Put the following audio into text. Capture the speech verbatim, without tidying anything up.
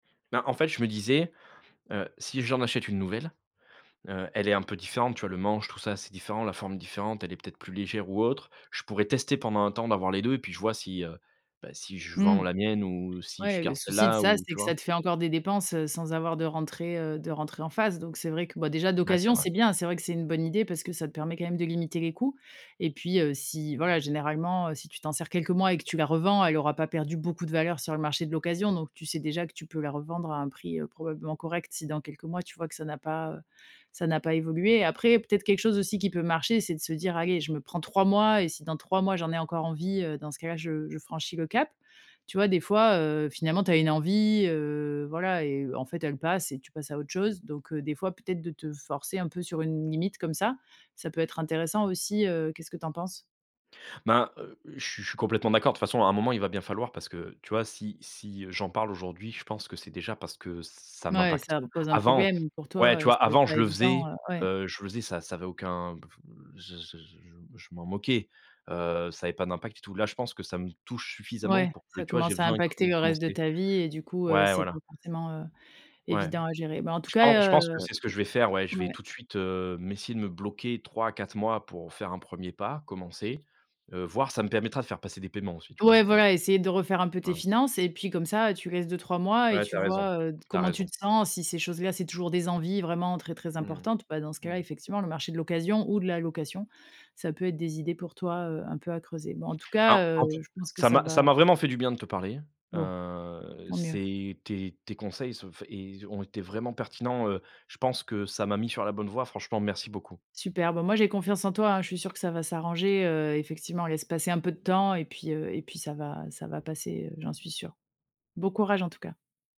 Bah en fait, je me disais, heu, si j'en achète une nouvelle, heu, elle est un peu différente, tu vois? Le manche, tout ça, c'est différent, la forme est différente, elle est peut-être plus légère ou autre. Je pourrais tester pendant un temps, d'avoir les deux et puis je vois si, heu, bah si je Mmh. vends la mienne ou si je Ouais le garde souci de celle-là, ça, ou c'est tu que vois? ça te fait encore des dépenses, heu, sans avoir de rentrée, heu, de rentrée en phase. Donc c'est vrai que bah, déjà Ouais c'est d'occasion vrai. c'est bien. C'est vrai que c'est une bonne idée parce que ça te permet quand même de limiter les coûts et puis, heu, si voilà généralement, heu, si tu t'en sers quelques mois et que tu la revends, elle aura pas perdu beaucoup de valeur sur le marché de l'occasion. Donc tu sais déjà que tu peux la revendre à un prix, heu, probablement correct, si dans quelques mois tu vois que ça n'a pas, heu, ça n'a pas évolué. Après, peut-être quelque chose aussi qui peut marcher, c'est de se dire: «Allez, je me prends trois mois et si dans trois mois, j'en ai encore envie, heu, dans ce cas-là, je je franchis le cap» tu vois? Des fois, heu, finalement tu as une envie, heu, voilà et en fait elle passe et tu passes à autre chose. Donc heu, des fois peut-être de te forcer un peu sur une limite comme ça, ça peut être intéressant aussi, heu, qu'est-ce que tu en penses? Ben heu, je suis je suis complètement d'accord. De toute façon à un moment il va bien falloir, parce que tu vois, si si, heu, j'en parle aujourd'hui, je pense que c'est déjà parce que ça Mouais, m'impacte. ça pose un Avant problème pour ouais tu toi et vois! c'est Avant pas je le évident, faisais, heu, ouais. heu, je faisais ça ça avait aucun, b f je je jou m je m'en moquais, heu, ça avait pas d'impact et tout. Là je pense que ça me touche suffisamment Ouais, pour que ça tu vois, j'ai commence à besoin impacter co le reste de commencer. ta vie et du coup, heu, Ouais, c'est pas voilà. forcément, heu, Ouais. évident à gérer. Bah en tout Je pen je cas, pense que heu c'est ce que je vais faire, ouais, je vais ouais. tout de suite, heu, m'essayer de me bloquer trois à quatre mois pour faire un premier pas, commencer, heu, voire çaa me permettra de faire passer des paiements aussi tu vois? Ouais, Heu, voilà, essayer de refaire un peu tes hein. finances et puis comme ça tu laisses deux-trois mois et Ouais tu tu as raison. vois, heu, d Tu as comment tu raison. te sens. Si ces choses-là, c'est toujours des envies vraiment très, très Mmh importantes, bah dans ce mh, cas là, mmh. effectivement le marché de l'occasion ou de la location ça peut être des idées pour toi, heu, un peu à creuser. Bon en tout Hein cas, heu, en fait, je pense que ça ça m'a ça va m'a vraiment fait du bien de te parler, Bon, heu, tant mieux. c'est tes tes conseils se enfin é ils ont été vraiment pertinents, heu, je pense que ça m'a mis sur la bonne voie, franchement merci beaucoup. Super bah, moi j'ai confiance en toi hein, je suis sûre que ça va s'arranger, heu, effectivement, laisse passer un peu de temps et puis, heu et puis ça va ça va passer, heu, j'en suis sûre. Bon courage en tout cas.